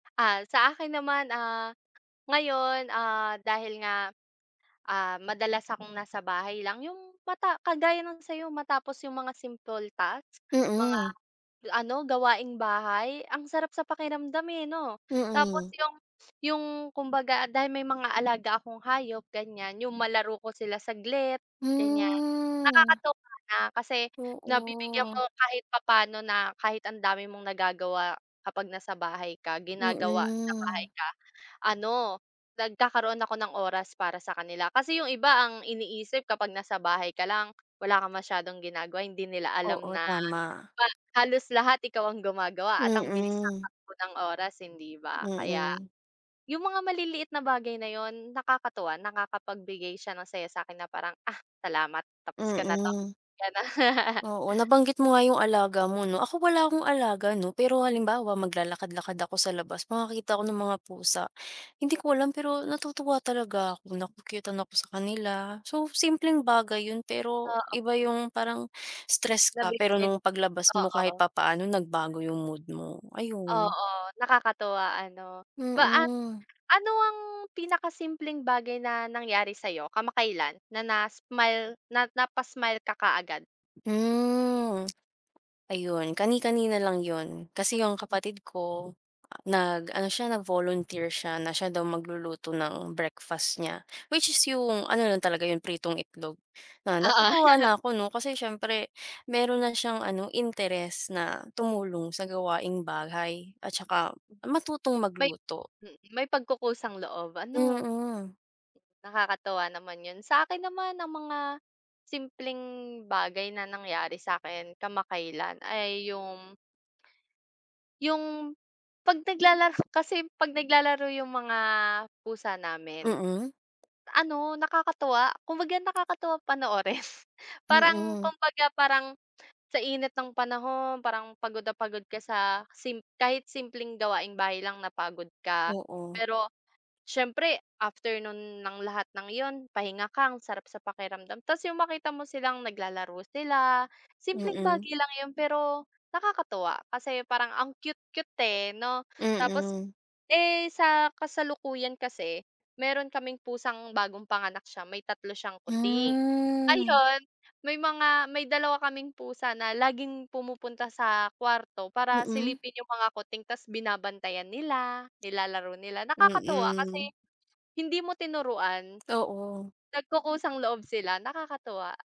Ah, sa akin naman, ah, ngayon, ah, dahil nga, ah, madalas akong nasa bahay lang, yung mata kagaya ng sa iyo, matapos yung mga simple tasks, mga Mm. ano, gawaing bahay, ang sarap sa pakiramdam, eh, 'no? Tapos Mm. yung yung, kumbaga dahil may mga alaga akong hayop ganyan, yung malaro ko sila saglit, ganyan. Mm. Nakakatuwa na, kasi nabibigyan Oo. mo kahit papaano na kahit ang dami mong nagagawa kapag nasa bahay ka, ginagawa sa bahay Mm. ka, ano, nagkakaroon ako ng oras para sa kanila. Kasi yung iba ang iniisip kapag nasa bahay ka lang, wala kang masyadong ginagawa eh, hindi nila alam Oo, na tama. ha halos lahat ikaw ang gumagawa at ang bilis ng Mm. takbo oras, hindi ba? Kaya, Mm. yung mga maliliit na bagay na yun, nakakatuwa, nakakapagbigay siya ng saya sa akin na parang, "Ah, salamat tapos ko na 'to." Mm. Ganun. Oo. Nabanggit mo nga yung alaga mo 'no. Ako wala akong alaga 'no, pero halimbawa maglalakad-lakad ako sa labas, makakita ako ng mga pusa, hindi ko alam, pero natutuwa talaga ako, na-ku-cute-an ako sa kanila. So simpleng bagay yun, pero iba Oo. yung, parang stress ka, pero [unintelligible] nung paglabas mo kahit oo. papaano nagbago yung mood mo, ayun. Oo. Nakakatuwa ano? Paa Mm. ano ang pinaka simpleng bagay na nangyari sa iyo kamakailan? Na na smile na napa-smile ka kaagad? Mm. Ayun. Kani-kanina lang yun. Kasi yung Mm. kapatid ko, nag ano siya, nag volunteer siya na siya daw magluluto ng breakfast niya. Which is yung ano lang talaga yun pritong itlog. Na natutuwa Oo. na ako 'no? Kasi siyempre meron na siyang ano, interest na tumulong sa gawaing bahay, at saka matutong May magluto. mm, may pagkukusang loob ano? Mm. Nakakatuwa naman yun. Sa akin naman ang mga simpleng bagay na nangyari sa akin kamakailan ay yung yung kapag naglalaro, kasi kapag naglalaro yung mga pusa namin, Mm. ano nakakatuwa. Kumbaga nakakatuwang panoorin. Parang Mm. kumbaga, parang sa init ng panahon, parang pagod na pagod ka sa sim kahit simpleng gawaing bahay lang napagod ka. Oo. Pero siyempre after nun ng lahat ng yun pahinga ka, ang sarap sa pakiramdam, tapos yung makita mo silang naglalaro sila, simpleng Mm. bagay lang yun, pero nakakatuwa. Kasi parang ang cute-cute, eh, 'no? Tapos, Mm. eh, sa kasalukuyan kasi, meron kaming pusang bagong panganak siya, may 3 siyang kuting, Mm. ayun, may mga, may dalawa kaming pusa na laging pumupunta sa kwarto para Mm. silipin yung mga kuting, tapos binabantayan nila, nilalaro nila, nakakatuwa kasi Mm. hindi mo tinuruan. Oo. Nagkukusang loob sila. Nakakatuwa.